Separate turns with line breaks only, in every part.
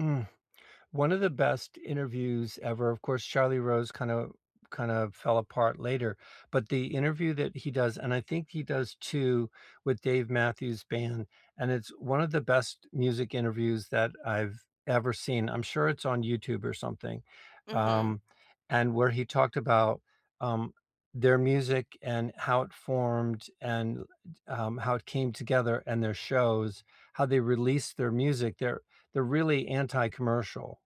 Mm. One of the best interviews ever of course, Charlie Rose kinda kind of fell apart later, but the interview that he does and I think he does 2 with Dave Matthews band, and it's one of the best music interviews that I've ever seen. I'm sure it's on YouTube or something,
Mhm.
um, and where he talked about, um, their music and how it formed and l t um, how it came together and their shows, how they released their music they're they're really anti-commercial,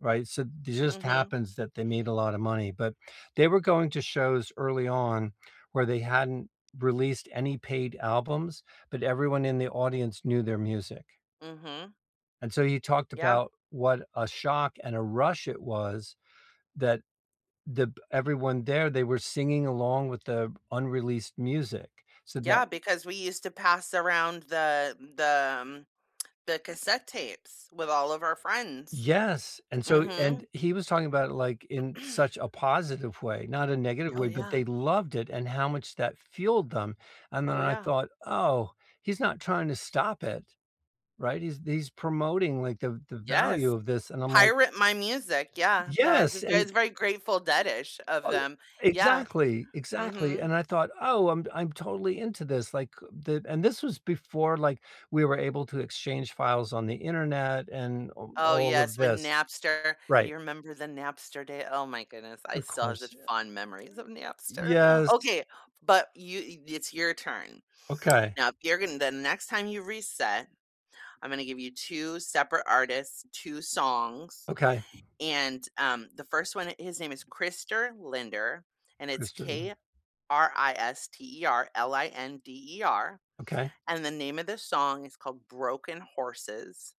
right, so th just
Mhm.
happens that they made a lotta money, but they were going to shows early on where they hadn't released any paid albums, but everyone in the audience knew their music.
Mhm.
And so you talked
Yeah.
about what a shock and a rush it was that the b everyone there, they were singing along with the unreleased music so that
Yeah, because we used to pass around the m the m the cassette tapes with all of our friends.
Yes, and so and
Mhm.
he was talking about it, like, in such a positive way, not a negative
Oh,
way, but
yeah.
they loved it and how much that fueled them, and then
Oh,
I
yeah.
thought, "Oh, he's not trying to stop it, right? He's he's promoting like the the value
Yes.
of this." And I'm like
Pirate my music. Yeah. That is a
Yes,
that
and
is very Grateful Dead-ish of
[unintelligible]
them. Yeah.
Exactly. Exactly,
Mhm.
and I thought, "Oh, I'm d I'm totally into this." Like, uh, thi and this was before, like, we were able to exchange files on the internet and o
Oh,
all of
yes, when
this
Napster do
Right.
you remember the Napster day? Oh my goodness, I
Of
still have
course,
such
yea
fond memories of Napster.
Yes.
Okay, but you e th it's your turn.
Okay.
Now, if you're gon the next time you reset, I'm gonna give you 2 separate artists, 2 songs,
Okay.
and, um, the 1st one, it his name is Krister Linder, and it's,
Krister Linder.
K-R-I-S-T-E-R L-I-N-D-E-R,
Okay.
and the name of the song is called “Broken Horses.”